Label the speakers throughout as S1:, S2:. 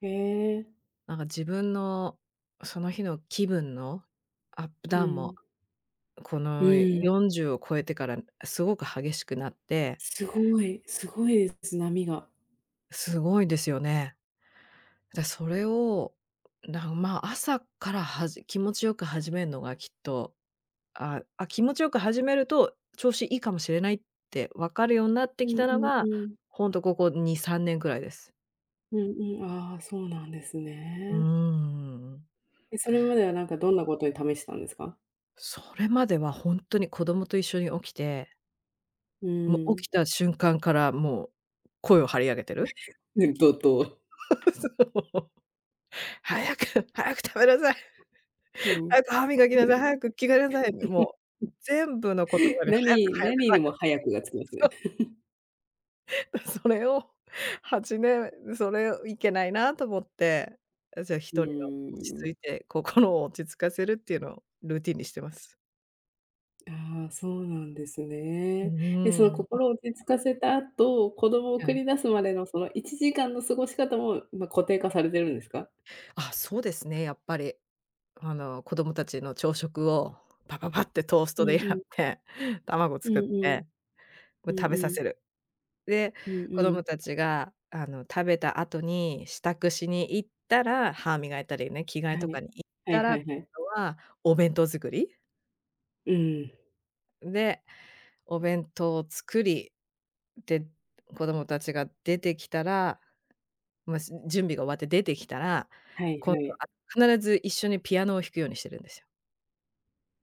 S1: へえ。
S2: なんか自分の、その日の気分のアップ
S1: う
S2: ダウンも、
S1: ん。
S2: こ
S1: う
S2: の
S1: ん。
S2: 40を超えてからすごく激しくなって。
S1: すごいすごいです、波が。
S2: すごいですよね。で、それを、なん、まあ、朝からはじ気持ちよく始めんのがきっと、あ、あ、気持ちよく始めると、調子いいかもしれないってわかるようなっ
S1: う
S2: てき
S1: ん
S2: たの
S1: う
S2: が、
S1: んうん。
S2: ほんとここ2、3年くらいです。
S1: うんうん、ああ、そうなんです
S2: うー
S1: ね。
S2: ん。
S1: で、それまではなんかどんなことを試したんですか？
S2: それまではほんとに子供と一緒に起きて
S1: う
S2: も、起き
S1: ん。
S2: た瞬間からもう、声を張り上げてる。
S1: うん、怒涛。
S2: そう。早く早く食べなさい。
S1: うん。
S2: 早く歯磨きなさい、早く着替えなさいって、もう、全部の言葉 で早く
S1: 何
S2: 早く
S1: 何に
S2: 早
S1: も早くがつきますね。
S2: く。そ。それを8年、それをいけないなと思って、あ、じゃあひ
S1: う
S2: とりは落ち
S1: ー
S2: 着
S1: ん。
S2: いて、心を落ち着かせるっていうのをルーティンにしています。
S1: ああ、そうなんです
S2: う
S1: ね。で、そ
S2: ー
S1: の
S2: ん。
S1: 心を落ち着かせた後、子供を
S2: は
S1: 送
S2: い。
S1: り出すまでのその1時間の過ごし方も、ま、固定化されてるんですか？
S2: あ、そうですね、やっぱり。あの、子供達の朝食を、ぱぱぱってトース
S1: う
S2: トでや
S1: んう
S2: っ
S1: ん。
S2: て、卵
S1: うん
S2: 作っ
S1: うん。
S2: て、こ
S1: う
S2: れ
S1: ん
S2: 食べさ
S1: う
S2: せ
S1: ん。
S2: る。で、
S1: うん
S2: 子
S1: う
S2: 供
S1: ん。
S2: 達が、あの、食べた後に、支度しに行ったら、歯磨いたりね、着替え
S1: は
S2: とか
S1: い、
S2: に行っ
S1: はい
S2: たら、
S1: は
S2: 後
S1: いはい。
S2: はお弁当作り。
S1: うん。
S2: んで、お弁当を作り、で、子供達が出てきたら、もう、す準備が終わって出てきたら、
S1: はい
S2: 今
S1: は
S2: 度、
S1: い。
S2: あ、必ず一緒にピアノを弾くようにしてるんですよ。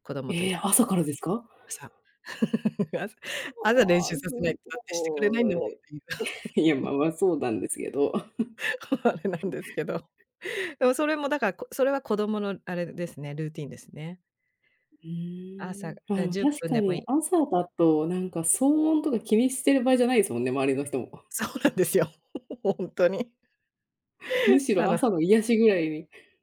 S2: 子供とい
S1: ええ、朝からですか？
S2: 朝。朝、朝練
S1: あ
S2: 習
S1: あ、
S2: さ
S1: す
S2: せないとだってしてくれないん
S1: ご
S2: だもんっ
S1: い。
S2: ていう。
S1: いや、ま あまあ、そうなんですけど。
S2: あれなんです けど。でもそれもだから、こそれは子供のあれですね、ルーティーンですね。
S1: ふ
S2: 朝、
S1: ーん、ああで
S2: あ、
S1: も
S2: じゅっ
S1: 確
S2: ぷん
S1: か
S2: でも
S1: に、
S2: い。
S1: 朝だと、なんか騒音とか気にしてる場合じゃないですもんね、周りの人も。
S2: そうなんですよ、ほんとに。
S1: むし
S2: あ
S1: ろ
S2: な。
S1: 朝の癒しぐらいに